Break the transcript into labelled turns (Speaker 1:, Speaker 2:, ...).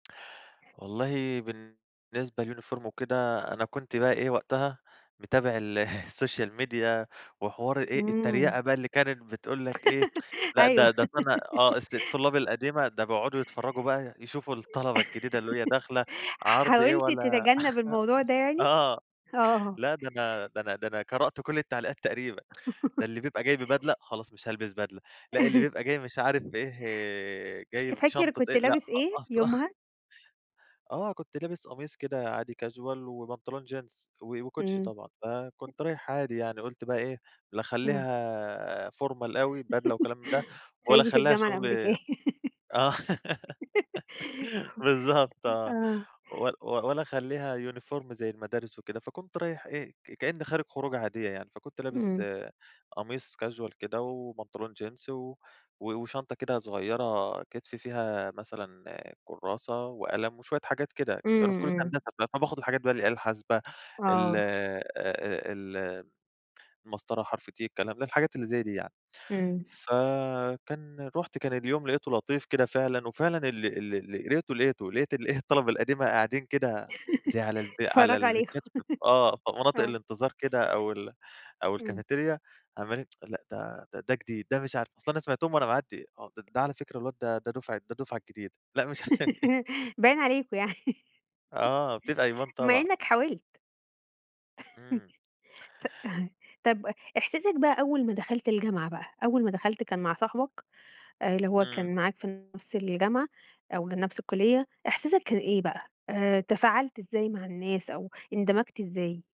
Speaker 1: والله بالنسبة للuniform وكده، أنا كنت بقى إيه وقتها متابع الsocial media، وحوار إيه
Speaker 2: إمم.
Speaker 1: التريقة بقى اللي كانت بتقول لك إيه، لأ
Speaker 2: أيوه.
Speaker 1: ده ده أصل أنا، آه، أصل الطلاب القديمة ده بيقعدوا يتفرجوا بقى، يشوفوا الطلبة الجديدة اللي هي داخلة، عرْض إيه
Speaker 2: حاولت
Speaker 1: ولا،
Speaker 2: تتجنب الموضوع ده يعني؟
Speaker 1: آه،
Speaker 2: آه.
Speaker 1: لأ ده أنا، ده أنا، ده أنا قرأت كل التعليقات تقريبًا. ده اللي بيبقى جاي ببدلة، خلاص مش هالبس بدلة، لأ، اللي بيبقى جاي مش عارف بإيه، جاي
Speaker 2: فاكر
Speaker 1: بشنطة
Speaker 2: كنت
Speaker 1: إيه، لأ
Speaker 2: لابس
Speaker 1: خ
Speaker 2: إيه
Speaker 1: أصل.
Speaker 2: يومها؟
Speaker 1: آه، كنت لابس قميص كده عادي casual، وبنطلون jeans، و وكوتش
Speaker 2: إمم.
Speaker 1: طبعًا. فكنت رايح عادي يعني، قُلت بقى إيه لا
Speaker 2: آه.
Speaker 1: أخلّيها formal أوي، بدلة وكلام من ده، ولا
Speaker 2: صعيدي في
Speaker 1: أخلّيها
Speaker 2: الجامعة الأمريكية.
Speaker 1: شغل. آه، بالضبط آه.
Speaker 2: آه.
Speaker 1: ول ول ولا أخلّيها uniform زي المدارس وكده. فكنت رايح إيه، ك كأن خارج خروجة عادية يعني، فكنت لابس
Speaker 2: إمم.
Speaker 1: قميص casual كده، وبنطلون jeans، و و وشنطة كده صغيرة كِتف، فيها مثلًا كراسة وقلم وشوية حاجات كده. كنت أنا
Speaker 2: إمم،
Speaker 1: في كُلِّية
Speaker 2: إمم.
Speaker 1: هندسة، فباخد الحاجات بقى، الآلة الحاسبة، ال
Speaker 2: آه.
Speaker 1: ال المسطرة حرف T، الكلام ده، الحاجات اللي زي دي يعني.
Speaker 2: إمم.
Speaker 1: فكان رُحت، كان اليوم لقيته لطيف كده فعلًا، وفعلًا ال ال لقيته، لقيت الإيه الطلبة القديمة قاعدين كده زي على الب على
Speaker 2: بيتفرجوا عليكم
Speaker 1: البنشات. آه، في مناطق
Speaker 2: آه.
Speaker 1: الانتظار كده، أو ال أو
Speaker 2: إمم.
Speaker 1: الcafetaria، عمّالين لأ ده، ده جديد، ده مش عارف، أصل أنا سمعتهم وأنا معدّي، آه، ده على فكرة الواد ده، ده دفعة ده الدفعة الجديدة. لأ مش
Speaker 2: باين عليكم يعني.
Speaker 1: آه بتبقى [unintelligible]
Speaker 2: بما
Speaker 1: طبعًا.
Speaker 2: إنك حاولت.
Speaker 1: إمم.
Speaker 2: ط طَب إحساسك بقى أول ما دخَلت الجامعة بقى، أول ما دخَلت كان مع صاحبك اللي هو
Speaker 1: إمم.
Speaker 2: كان معاك في نفْس الجامعة أو نفْس الكُلِّية، إحساسك كان إيه بقى، آآ تفاعلت إزاي مع الناس أو اندمجت إزاي؟